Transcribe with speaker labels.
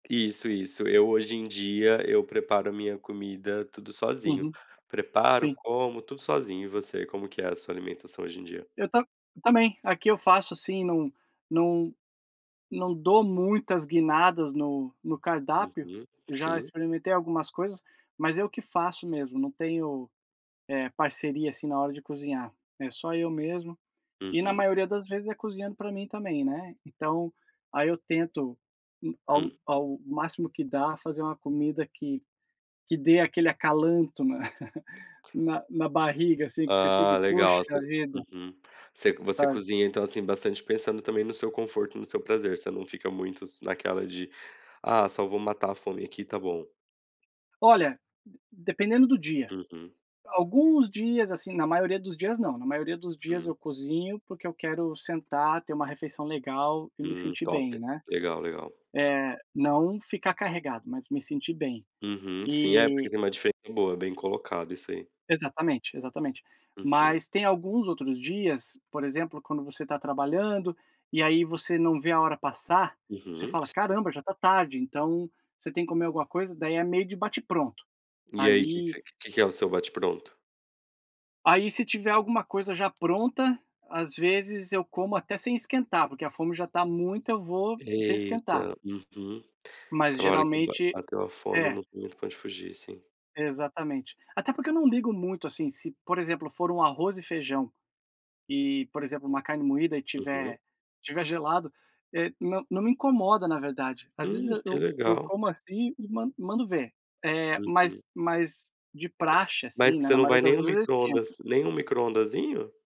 Speaker 1: Isso, isso. Eu, hoje em dia, eu preparo minha comida tudo sozinho.
Speaker 2: Uhum.
Speaker 1: Preparo,
Speaker 2: Sim.
Speaker 1: como, tudo sozinho. E você? Como que é a sua alimentação hoje em dia?
Speaker 2: Eu tam eu também, aqui eu faço assim, não não não dou muitas guinadas no no cardápio,
Speaker 1: Uhum.
Speaker 2: eu já
Speaker 1: Sim.
Speaker 2: experimentei algumas coisas, mas eu que faço mesmo, não tenho, eh, parceria, assim, na hora de cozinhar, é só eu mesmo e, na
Speaker 1: Uhum.
Speaker 2: maioria das vezes, é cozinhando pra mim também, né, então, aí eu tento, hum, ao
Speaker 1: Hum.
Speaker 2: ao máximo que dá fazer uma comida que que dê aquele acalanto, né, na na barriga, assim, que você fique
Speaker 1: Ah, legal. Você
Speaker 2: "poxa vida"
Speaker 1: uhum, você você
Speaker 2: sabe?
Speaker 1: cozinha, então, assim, bastante pensando também no seu conforto e no seu prazer, você não fica muito s naquela de, "ah, só vou matar a fome aqui e tá bom"?
Speaker 2: Olha, dependendo do dia.
Speaker 1: Uhum.
Speaker 2: Alguns dias, assim, na maioria dos dias não, na maioria dos dias
Speaker 1: Hum.
Speaker 2: eu cozinho, porque eu quero sentar, ter uma refeição legal e me
Speaker 1: Hum,
Speaker 2: sentir
Speaker 1: top.
Speaker 2: bem, né,
Speaker 1: Legal, legal.
Speaker 2: eh, não ficar carregado, mas me sentir bem.
Speaker 1: Uhum. Sim. É porque
Speaker 2: E
Speaker 1: tem uma diferença boa, bem colocado isso aí.
Speaker 2: Exatamente, exatamente.
Speaker 1: Uhum.
Speaker 2: Mas tem alguns outros dias, por exemplo, quando você tá trabalhando, e aí você não vê a hora passar, você
Speaker 1: Uhum.
Speaker 2: fala:
Speaker 1: S
Speaker 2: "Caramba, já tá tarde", então, você tem que comer alguma coisa, daí é meio de bate-pronto.
Speaker 1: E, aí, que que
Speaker 2: Aí
Speaker 1: você que que é o seu bate-pronto?
Speaker 2: Aí, se tiver alguma coisa já pronta, às vezes eu como até sem esquentar, porque a fome já tá muita, eu vou sem esquentar.
Speaker 1: Eita, uhum,
Speaker 2: Mas,
Speaker 1: aquela hora que ba
Speaker 2: geralmente
Speaker 1: bateu a fome
Speaker 2: é.
Speaker 1: não tem muito pra onde fugir, sim.
Speaker 2: Exatamente. Até porque eu não ligo muito, assim, se, por exemplo, for um arroz e feijão e, por exemplo, uma carne moída e
Speaker 1: Uhum.
Speaker 2: estiver estiver gelado, eh, não não me incomoda, na verdade. Às vezes
Speaker 1: Hum, que
Speaker 2: eu eu
Speaker 1: legal.
Speaker 2: como assim, e man mando ver. Eh,
Speaker 1: Uhum.
Speaker 2: mas mas de praxe,
Speaker 1: Mas
Speaker 2: assim, né,
Speaker 1: você
Speaker 2: na
Speaker 1: não
Speaker 2: maioria
Speaker 1: vai
Speaker 2: das
Speaker 1: nem no
Speaker 2: vezes, eu esquento.
Speaker 1: micro-ondas nem no micro-ondazinho?